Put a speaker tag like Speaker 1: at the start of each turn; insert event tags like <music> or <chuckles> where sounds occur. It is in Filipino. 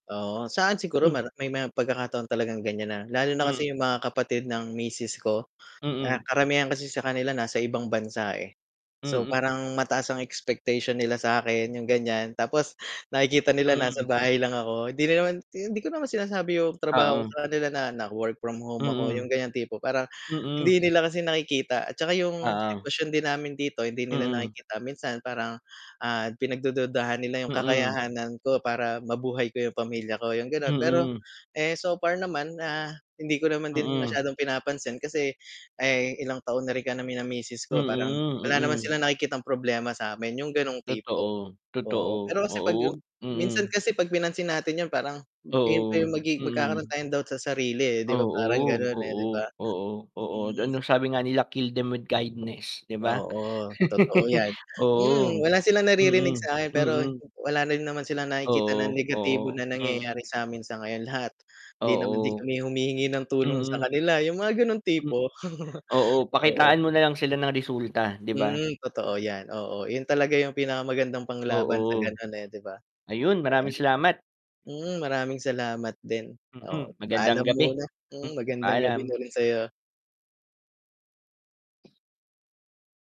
Speaker 1: Oo. Sa'kin siguro
Speaker 2: Hmm.
Speaker 1: mero may pagkakataon talagang ganyan na lalo na
Speaker 2: Hmm.
Speaker 1: kasi 'yung mga kapatid ng misis ko na
Speaker 2: Mm.
Speaker 1: karamihan kasi sa kanila nasa ibang bansa, eh. So,
Speaker 2: Mm.
Speaker 1: parang mataas ang expectation nila sa'kin, yung ganyan, Tapos nakikita nila nasa
Speaker 2: Mm.
Speaker 1: bahay lang ako. Hindi naman hindi ko naman sinasabi yung trabaho ko
Speaker 2: Oo.
Speaker 1: sa kanila na nag work from home ako, yung
Speaker 2: Mm.
Speaker 1: ganyan tipo. Parang
Speaker 2: Mm.
Speaker 1: hindi
Speaker 2: <sniffs>
Speaker 1: nila kasi nakikita at tsaka yung
Speaker 2: Oo.
Speaker 1: sitwasyon din namin dito hindi nila
Speaker 2: Mm.
Speaker 1: nakikita. Minsan parang, ah, pinagdududahan nila 'yung
Speaker 2: Mm.
Speaker 1: kakayahan ko para mabuhay ko 'yung pamilya ko, yung gano'n. Pero,
Speaker 2: Mm.
Speaker 1: eh, so far naman, ah, hindi ko naman din
Speaker 2: Mm.
Speaker 1: masyadong pinapansin kasi, eh, ilang taon na rin kami ng misis ko parang
Speaker 2: Mm,
Speaker 1: wala naman
Speaker 2: mm.
Speaker 1: silang nakikitang problema sa'min, yung ganoong tipo,
Speaker 2: Totoo. Totoo,
Speaker 1: oo. Pero kasi 'pag
Speaker 2: oo, wag
Speaker 1: minsan
Speaker 2: mm.
Speaker 1: kasi 'pag pinansin natin 'yun, parang yun pa
Speaker 2: Oo.
Speaker 1: yung magigi magkakaroon
Speaker 2: Mm.
Speaker 1: tayong doubt sa sarili, eh, 'di ba parang
Speaker 2: Oo.
Speaker 1: ganun, eh,
Speaker 2: Oo,
Speaker 1: 'di ba?
Speaker 2: Oo, oo.
Speaker 1: Mm.
Speaker 2: Ano, sabi nga nila, 'kill them with kindness, 'di ba?
Speaker 1: Oo. Totoo
Speaker 2: <laughs>
Speaker 1: 'yan.
Speaker 2: Oo.
Speaker 1: Mm, wala silang naririnig
Speaker 2: Mm.
Speaker 1: sa'kin, pero
Speaker 2: Mm.
Speaker 1: wala na rin naman silang nakikita na
Speaker 2: Oo,
Speaker 1: negatibo
Speaker 2: oo,
Speaker 1: na nangyayari
Speaker 2: mm.
Speaker 1: sa'min sa ngayon. Lahat hindi naman din
Speaker 2: Oo.
Speaker 1: kami humihingi ng tulong sa
Speaker 2: Mm.
Speaker 1: kanila, 'yung mga gano'ng
Speaker 2: M
Speaker 1: tipo. <chuckles>
Speaker 2: oo,
Speaker 1: Oo.
Speaker 2: pakitaan mo na lang sila ng resulta, 'di ba?
Speaker 1: Mm,
Speaker 2: M
Speaker 1: totoo 'yan, oo. Yun talaga yung pinakamagandang panglaban sa
Speaker 2: oo.
Speaker 1: ganun, eh, 'di ba,
Speaker 2: Ayun, maraming
Speaker 1: ayan.
Speaker 2: salamat.
Speaker 1: Mm maraming salamat din. Oo,
Speaker 2: Mm. Magandang
Speaker 1: Paalam
Speaker 2: gabi.
Speaker 1: muna.
Speaker 2: Mm.
Speaker 1: Mm, magandang gabi
Speaker 2: Paalam.
Speaker 1: na rin sa'yo.